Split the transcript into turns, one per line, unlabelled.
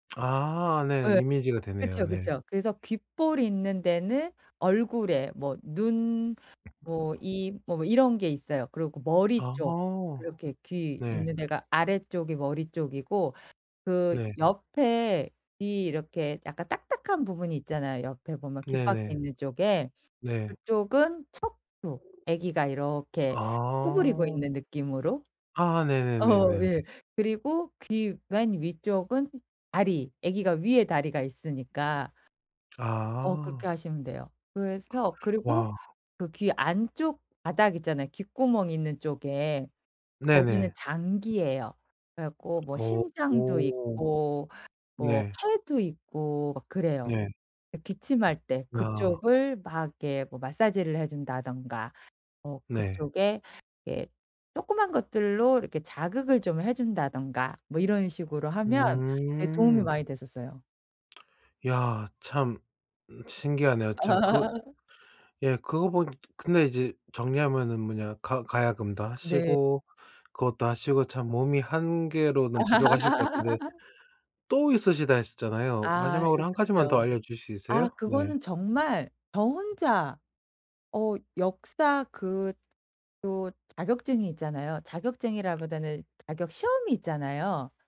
아 네.
예.
이미지가 되네요.
그쵸,
네.
그쵸. 그래서 귓불 있는 데는 얼굴에 뭐 눈 뭐 이 뭐 이런 게 있어요. 그리고 머리
아.
쪽 이렇게 귀
네.
있는 데가 아래쪽이 머리 쪽이고 그
네.
옆에 이 이렇게 약간 딱딱한 부분이 있잖아요 옆에 보면 귓바퀴
네네.
있는 쪽에.
네.
그쪽은 척추. 아기가 이렇게 구부리고
아.
있는 느낌으로?
아
어
네네네네네.
예. 그리고 귀 맨 위쪽은 다리. 아기가 위에 다리가 있으니까. 어 그렇게
아.
하시면 돼요. 그래서 그리고
와.
그 귀 안쪽 바닥 있잖아요 귓구멍이 있는 쪽에. 거기는
네네.
장기예요. 그래 갖고 뭐
어.
심장도
오.
있고 뭐
네.
팔도 있고 막 그래요.
네.
예 기침할 때
아.
그쪽을 막 이렇게 뭐 마사지를 해 준다든가 뭐
네.
그쪽에 예 쪼끄만 것들로 이렇게 자극을 좀 해 준다든가 뭐 이런 식으로 하면 예 도움이
음.
많이 됐었어요.
야. 참 으 신기하네요. 참 그 예 그거 보니 근데 이제 정리하면은 뭐냐 가 가야금도
네.
하시고 그것도 하시고 참 몸이 1 개로는 부족하실 것 같은데 또 있으시다 했었잖아요.
아.
마지막으로 1 가지만 더
있었죠.
알려 주실 수
아
있으세요?
그거는
네.
정말 저 혼자 어 역사 그 도 자격증이 있잖아요. 자격증이라기보다는 자격 시험이 있잖아요.